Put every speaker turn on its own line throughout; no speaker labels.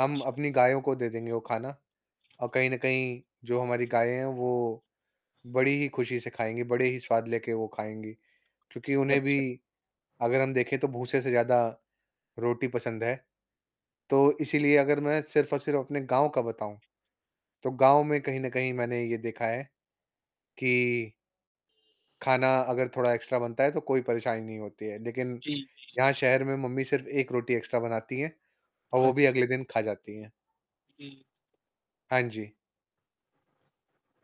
हम
अच्छा।
अपनी गायों को दे देंगे वो खाना और कहीं न कहीं जो हमारी गायें हैं वो बड़ी ही खुशी से खाएँगी, बड़े ही स्वाद लेके वो खाएँगी, क्योंकि उन्हें भी
अच्छा।
अगर हम देखें तो भूसे से ज़्यादा रोटी पसंद है, तो इसीलिए अगर मैं सिर्फ़ और सिर्फ़ अपने गाँव का बताऊँ, तो गाँव में कहीं न कहीं मैंने ये देखा है कि खाना अगर थोड़ा एक्स्ट्रा बनता है तो कोई परेशानी नहीं होती है लेकिन,
जी, जी।
यहाँ शहर में मम्मी सिर्फ़ 1 रोटी एक्स्ट्रा बनाती हैं और वो भी
अच्छा।
अगले दिन खा जाती हैं।
जी।
हाँ जी।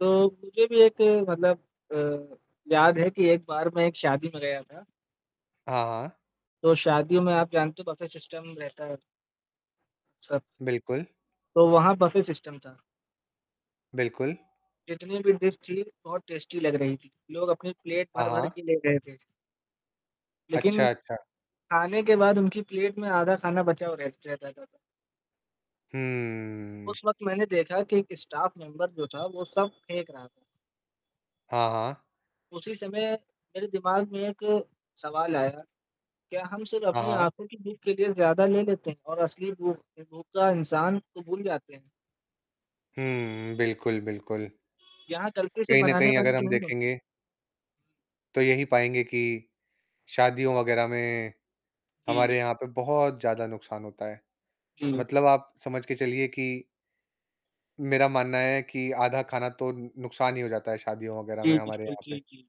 तो, मुझे भी एक मतलब अ, याद है कि एक बार मैं एक शादी में गया था।
हाँ, हाँ।
तो शादियों में आप जानते हो बफे सिस्टम रहता है। सब
बिल्कुल।
तो वहाँ बफे सिस्टम था।
बिल्कुल।
जितनी भी डिश थी बहुत टेस्टी लग रही थी, लोग अपनी प्लेट
हाँ,
भर-भर
हाँ।
के ले गए थे। लेकिन,
अच्छा, अच्छा।
खाने के बाद उनकी प्लेट में आधा खाना बचा हुआ रह रह जाता था।
हम्म।
उस वक़्त मैंने देखा कि एक स्टाफ मेंबर जो था वो सब फेंक रहा था।
हाँ, हाँ।
उसी समय, मेरे दिमाग में एक सवाल आया, क्या हम सिर्फ़
हाँ,
अपनी
हाँ।
आँखों की भूख के लिए ज़्यादा ले लेते हैं और असली भूख भूख का इंसान को भूल जाते हैं?
हम्म, बिल्कुल, बिल्कुल,
यहाँ गलती से
कहीं न
बनाने
कहीं
वाली
अगर
की
हम
नहीं होती
देखेंगे
है।
तो यही पाएँगे कि शादियों वगैरह में
जी।
हमारे यहाँ पे बहुत ज़्यादा नुकसान होता है।
जी।
मतलब आप समझ के चलिए कि मेरा मानना है कि आधा खाना तो नुकसान ही हो जाता है शादियों वगैरह
जी,
में हमारे
बिल्कुल,
यहाँ
जी,
पे।
जी।